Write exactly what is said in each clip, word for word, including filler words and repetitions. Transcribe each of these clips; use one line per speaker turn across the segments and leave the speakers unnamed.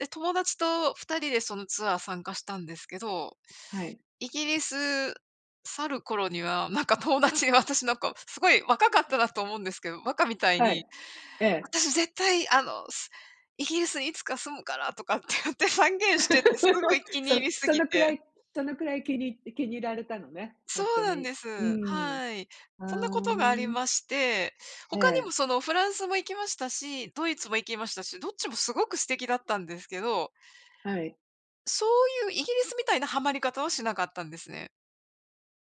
で、友達とふたりでそのツアー参加したんですけど、
はい。
イギリス去る頃には、なんか友達、私なんか凄い若かったなと思うんですけど、馬鹿みたい
はい、
に、
ええ。
「私絶対、あのすイギリスにいつか住むから」とかって言って宣言してて、凄い 気に入
そ
り過
そ
ぎ
のくら
て。
いそのくらい気に気に入られたのね、ほ
そ
んと
うなん
に。
で
うー
す。
ん。
はい。
は
そんな
あ
ことがあり
ん。
まして、
え
他にも
え。
そのフランスも行きましたし、ドイツも行きましたし、どっちも凄く素敵だったんですけど
はい。
そういうイギリスみたいなハマり方はしなかったんですね。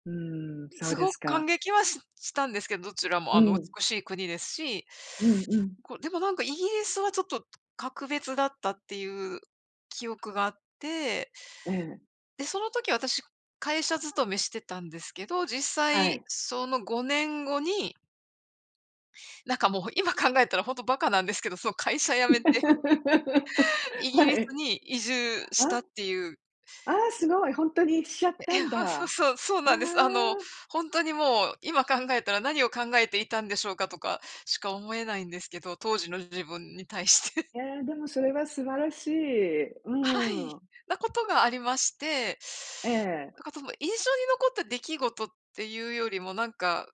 うーん、そうで
凄く
すか。
感激はししたんですけど、どちらも
う
あの
ん。
美しい国ですし、
うんうん。
こう、でもなんか、イギリスはちょっと格別だったっていう記憶があって
ええ。
で、その時、私、会社勤めしてたんですけど、実
は
際、
い。
そのごねん後になんかもう、今考えたらほんと馬鹿なんですけど、その会社辞めて、イ ギリ
は
ス
い。
に移住
あ、
した
あ
っていう。
あ、すごい、本当にしちゃっ
え
た
え、
んだ。
は、そう
あ
そうそうなんです。あの、
あ。
ほんとにもう今考えたら、何を考えていたんでしょうか、とかしか思えないんですけど、当時の自分に対して。
ええ、でも、それは素晴らしい。
はい、
うん。
な事がありまして、
ええ。
なんか、その印象に残った出来事っていうよりも、なんか、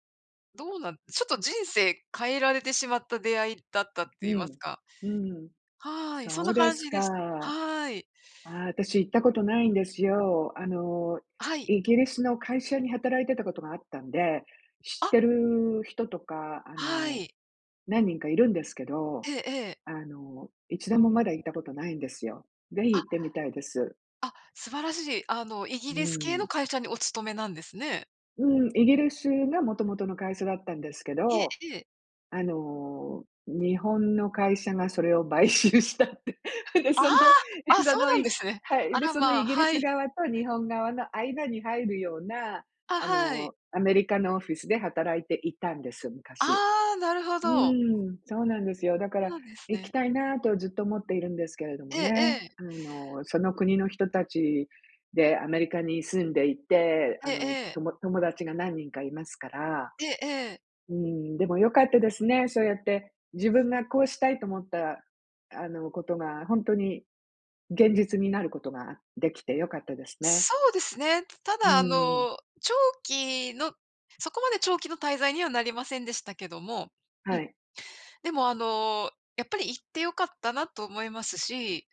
どうなんちょっと人生変えられてしまった出会いだったって
う
言います
ん、
か？
うん、
はい、そん
そう
な
で
感
す
じ
か。
です。
あ
はい。
あ、私行ったことないんですよ。あの、
あ、はい。
イギリスの会社に働いてたことがあったんで、知って
あ
る人とか、あ
は
の、
い。
何人か居るんですけど、
ええええ。
あの、いちどもまだ行った事とないんですよ。是非
あ
行ってみたいです。
あ、素晴らしい。あの、イ
う
ギリス系の
ん。
会社にお勤めなんですね。
うん、イギリスが元々の会社だったんですけ
ええ
ど、
ええ。
あの、日本の会社がそれを買収したって、で、
あ
その、
あ！
え、
あ、そ
そ
う
の
なんで
い
すね。
はい、
あ
で、
ら
その
ま、
イギリ
は
ス
い。
側と日本側の間に入るような、
あ、
あ
はい。
の、アメリカのオフィスで働いていたんです、昔。
ああ、なるほ
う
ど。
ーん、そうなんですよ。だか
そう
ら
なんです
行き
ね。
たいなと、ずっと思っているんですけれども
ええ
ね。
ええ。
あの、その国の人達でアメリカに住んでいて、
え
あ
え
の
ええ。
とも友達が何人か居ますから。
ええええ。
うーん、でも良かったですね、そうやって、自分がこうしたいと思った、あの、事が、本当に現実になることが出来て良かったですね。
そうですね。た
うー
だ、あ
ん。
の、長期のそこまで長期の滞在にはなりませんでしたけども、
は
ん、
い。
でも、あの、やっぱり行って良かったなと思いますし